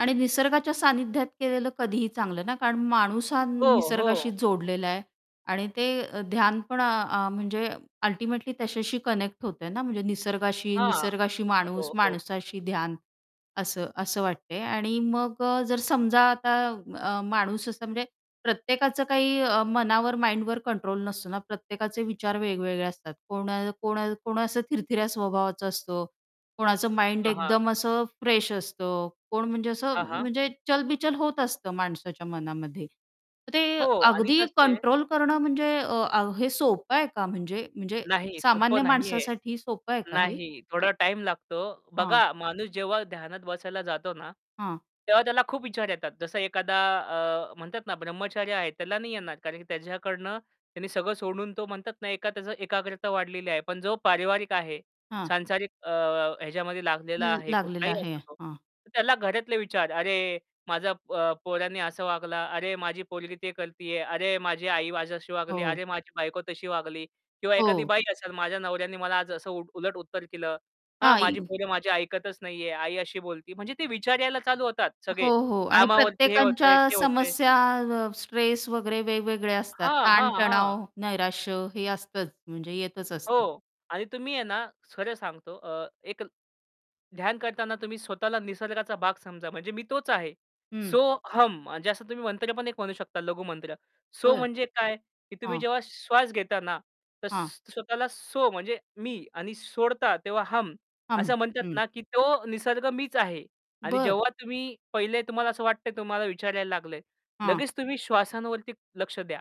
आणि निसर्गाच्या सान्निध्यात केलेलं कधीही चांगलं ना, कारण माणूस हा हो, निसर्गाशी हो. जोडलेला आहे. आणि ते ध्यान पण अ, म्हणजे अल्टिमेटली त्याच्याशी कनेक्ट होतंय ना म्हणजे निसर्गाशी. हां, निसर्गाशी माणूस, हो, हो. माणसाशी ध्यान असं, असं वाटतंय. आणि मग अ, जर समजा आता अ, माणूस असा म्हणजे प्रत्येकाचं काही मनावर, माइंडवर कंट्रोल नसतो ना प्रत्येकाचे विचार वेगवेगळे असतात. कोण कोण कोण असं थिरथऱ्या स्वभावाचं असतं, कोणाचं माइंड अ, हां. एकदम असं फ्रेश असतं कोण म्हणजे असं हां, हां. म्हणजे चलबिचल होत असतं माणसाच्या मनामध्ये. तर ते हो. आणि अगदी कसं आहे कंट्रोल करणं म्हणजे अ, हे सोपं आहे का म्हणजे म्हणजे नाही, सामान्य सोपं नाहीये. माणसासाठी सोपं आहे का हे? नाही, थोडा टाईम लागतो. हां. बघा माणूस जेव्हा ध्यानात बसायला जातो ना, हां. तेव्हा त्याला खूप विचार येतात. जसा एखादा अ, म्हणतात ना ब्रह्मचार्य आहे, त्याला नाही येणार. कारण की त्याच्याकडनं त्यांनी सगळं सोडून तो म्हणतात ना, एका त्याच एकाग्रता वाढलेली आहे. पण जो पारिवारिक आहे हां. सांसारिक अ, ह्याच्यामध्ये लागलेला ला आहे लागलेलं कुठलाही आहे, असो तो. हां. त्याला घरातले विचार अरे! माझ्या अ, पोरांनी असं वागलं. अरे माझी पोरगी ते करतीये. अरे माझी आई माझ्याशी वागली. हो. अरे माझी बायको तशी वागली किंवा एखादी हो. बाई असेल, माझ्या नवऱ्याने मला आज असं उलट उत्तर दिलं. हा माझी हांइ पोरं माझी ऐकतच नाहीये. आई अशी बोलती. म्हणजे ते विचार यायला चालू होतात हो, सगळे हो. आणि कामावरती हे प्रत्येकांच्या होतंय, ते होतंय. समस्या अ, स्ट्रेस वगैरे वेगवेगळे असतात. हां, हां, हां. ताण-तणाव, नैराश्य हे असतंच. म्हणजे येतच असतं. हो. आणि तुम्ही आहे ना खरं सांगतो, अ, एक ध्यान करतांना तुम्ही स्वतःला निसर्गाचा भाग समजा म्हणजे मी तोच आहे. हं. सो हम म्हणजे असं तुम्ही मंत्र पण एक म्हणू शकता लघु मंत्र. सो बरं. म्हणजे काय? की तुम्ही हां. जेव्हा श्वास घेता ना तर हां. स्वतःला सो म्हणजे मी आणि सोडता तेव्हा हम हां, असं म्हणतात हं. ना की तो निसर्ग मीच आहे. आणि बरं. जेव्हा तुम्ही पहिले तुम्हाला असं वाटतंय तुम्हाला विचारायला लागलंय. हां. लगेच तुम्ही श्वासांवरती लक्ष द्या.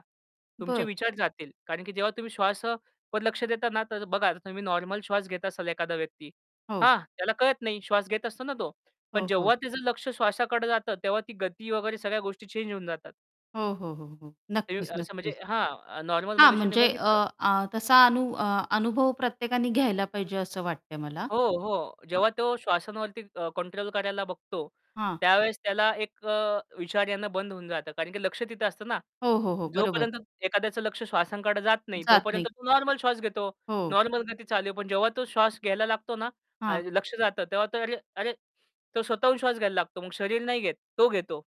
तुमचे बरं. विचार जातील. कारण की जेव्हा तुम्ही श्वासावर लक्ष देता ना तर बघा तुम्ही नॉर्मल श्वास घेत असाल एखादा व्यक्ती. हो. हां, त्याला कळत नाही श्वास घेत असतो ना तो. पण हो, हो. जेव्हा त्याचं लक्ष श्वासाकडं जातं, तेव्हा ती गती वगैरे सगळ्या गोष्टी चेंज होऊन जातात. हो, हो, हो, हो. [unintelligible] नक्कीच, असं म्हणजे नक्कीच. हां, नॉर्मल हां, मनुष्याने म्हणजे अ, बघितलं. आ तसा अनु अनुभव प्रत्येकाने घ्यायला पाहिजे असं वाटतंय मला. हो, हो. अ जेव्हा तो श्वासांवरती अ, कंट्रोल करायला बघतो, हां. त्यावेळेस त्याला एक अ, विचार येणे बंद होऊन जातं. कारण की लक्ष तिथं असतं ना, हो, हो, हो, बरोबर. जोपर्यंत एखाद्याचं लक्ष श्वासांकडे जात नाही, जात तोपर्यंत नाहीत. तो नॉर्मल श्वास घेतो. हो. नॉर्मल गती चालू आहे, पण जेव्हा तो श्वास घ्यायला लागतो ना, हां. ल लक्ष जातं तेव्हा तो तर अरे तो स्वतःहून श्वास घ्यायला लागतो मग शरीर नाही घेत, तो घेतो.